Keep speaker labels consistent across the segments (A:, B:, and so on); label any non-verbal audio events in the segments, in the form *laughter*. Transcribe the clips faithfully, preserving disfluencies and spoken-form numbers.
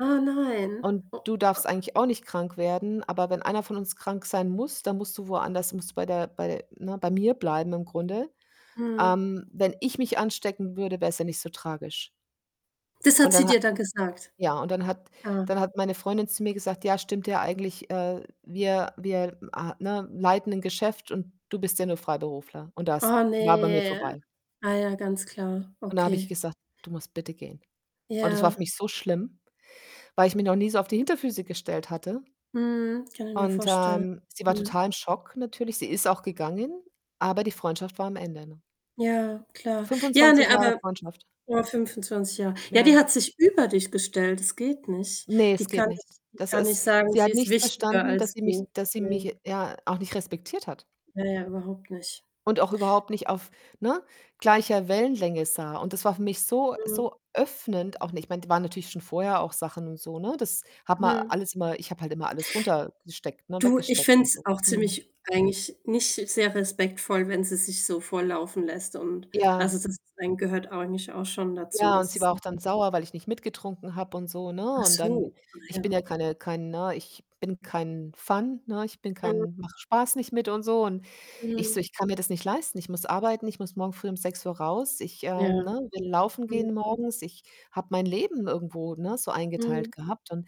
A: Oh nein.
B: Und
A: Oh,
B: du darfst
A: oh.
B: eigentlich auch nicht krank werden, aber wenn einer von uns krank sein muss, dann musst du woanders musst bei der bei ne, bei mir bleiben im Grunde.
A: Mhm.
B: Ähm, wenn ich mich anstecken würde, wär's ja nicht so tragisch.
A: Das
B: Und
A: hat sie
B: dann hat
A: dir da gesagt?
B: ja, und dann hat
A: Oh.
B: dann hat meine Freundin zu mir gesagt: „Ja, stimmt ja eigentlich, äh, wir wir, äh, ne, leiten 'n Geschäft und du bist ja nur Freiberufler.“ Und das
A: Oh,
B: war bei mir
A: ne?
B: vorbei.
A: Ah ja, ganz klar.
B: Und da habe ich
A: Okay.
B: gesagt: „Du musst bitte gehen.“ Und das war für
A: Ja.
B: mich so schlimm, weil ich mich noch nie so auf die Hinterfüße gestellt hatte.
A: Mhm, kann ich mir
B: Und,
A: vorstellen.
B: ähm, sie war
A: Mhm.
B: total im Schock natürlich. Sie ist auch gegangen, aber die Freundschaft war am Ende, ne?
A: Ja, klar. Ja,
B: fünfundzwanzig
A: ne,
B: Jahre
A: aber
B: Freundschaft.
A: boah fünfundzwanzig Jahre ja,
B: Ja.
A: die hat sich über dich gestellt, das geht nicht.
B: Ne, es
A: Die
B: geht
A: kann
B: nicht.
A: nicht die
B: Das
A: kann nicht
B: ist
A: sagen,
B: sie
A: sie
B: hat
A: ist
B: nicht
A: wichtiger
B: verstanden, dass
A: als
B: sie mich
A: du?
B: dass sie mich,
A: Ne.
B: j ja, auch nicht respektiert hat
A: Ja, ja, überhaupt nicht.
B: und auch überhaupt nicht auf, ne, gleicher Wellenlänge sah. Und das war für mich so
A: Mhm.
B: so öffnend auch ne, ich meine, da waren natürlich schon vorher auch Sachen und so, ne? Das hat man
A: Mhm.
B: alles immer ich habe halt immer alles runtergesteckt ne,
A: Du, ich
B: weggesteckt
A: finde
B: und
A: es
B: so,
A: auch
B: mhm.
A: ziemlich eigentlich nicht sehr respektvoll, wenn sie sich so volllaufen lässt und
B: Ja.
A: also, das Trinken gehört eigentlich auch schon dazu,
B: Ja, und
A: dass
B: sie
A: es
B: war auch
A: nich
B: dann sauer, weil ich nicht mitgetrunken habe und so, ne?
A: Ach
B: Und dann
A: so. Ah
B: ich bin
A: ja.
B: ja keine kein ne, ich bin kein Fun, ne? Ich bin
A: Mhm.
B: kein mache Spaß nicht mit und so. Und ich so:
A: Mhm.
B: „Ich kann mir das nicht leisten. Ich muss arbeiten. Ich muss morgen früh um sechs Uhr raus. Ich, ähm,
A: Ja.
B: ne, will laufen
A: Mhm.
B: gehen morgens.“ Ich habe mein Leben irgendwo, ne, so eingeteilt
A: Mhm.
B: gehabt. Und,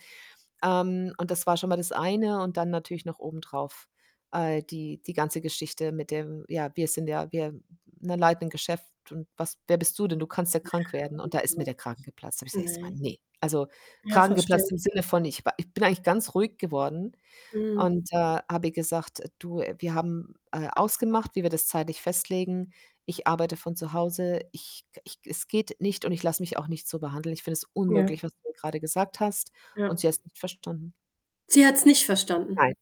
B: ähm und das war schon mal das eine und dann natürlich noch obendrauf, äh, die die ganze Geschichte mit dem „Ja, wir sind ja wir ne, leiten 'nen Geschäft und was wer bist du denn? Du kannst ja krank werden.“ Und da ist mir
A: *unintelligible*
B: der Kragen geplatzt. Habe ich gesagt erstmal:
A: Ne.
B: „Ne“ also
A: Ja,
B: Kragen
A: verstehe.
B: geplatzt im Sinne von, ich wa ich bin eigentlich ganz ruhig geworden
A: Mhm.
B: und, äh, habe ihr gesagt: „Äh, du, wir haben, äh, ausgemacht, wie wir das zeitlich festlegen. Ich arbeite von zu Hause. Ich k ich es geht nicht und ich lasse mich auch nicht so behandeln. Ich finde es
A: Ja.
B: unmöglich, was du mir grade gesagt hast“ und
A: Ja.
B: sie hat's nicht verstanden.
A: Sie hat's nicht verstanden?
B: Nein.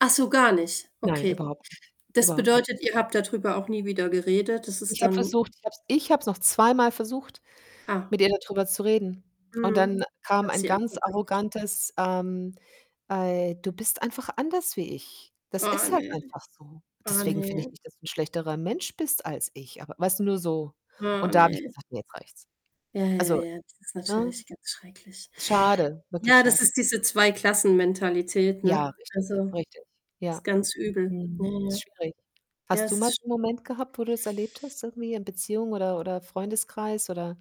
A: Ach so, gar nicht?
B: Nein,
A: Okay.
B: überhaupt nicht.
A: Das
B: Überhaupt ni
A: bedeutet, ihr habt dadrüber auch nie wieder geredet. Das ist
B: Ich habe
A: dann
B: versucht ich habe es ich habe es noch zweimal versucht,
A: Ah.
B: mit ihr dadrüber zu reden. Und
A: Mhm,
B: dann kam
A: hat
B: ein
A: sie
B: ganz
A: abgeblockt.
B: arrogantes, ähm: „Ey du bist einfach anders wie ich. Das
A: Oh,
B: ist halt
A: ne?
B: einfach so.
A: Oh,
B: Deswegen finde ich
A: ne?
B: nicht, dass du 'n schlechterer Mensch bist als ich, aber“ weißt du, nur so.
A: Oh,
B: Und da habe ich
A: ne?
B: gesagt: „Ne, jetzt reicht's.“
A: Ja, ja,
B: Also,
A: ja, das ist
B: ne,
A: natürlich ganz schrecklich.
B: schade, wirklich
A: Ja, das
B: schade.
A: ist diese Zweiklassenmentalität, ne?
B: Ja, richtig,
A: Also,
B: richtig. Ja.
A: ist ganz übel. Ja,
B: Mhm.
A: ja.
B: Ist schwierig.
A: Ja,
B: Hast du
A: es
B: mal
A: ist
B: so 'n
A: sch
B: Moment gehabt, wo du das erlebt hast irgendwie in Beziehung oder oder Freundeskreis oder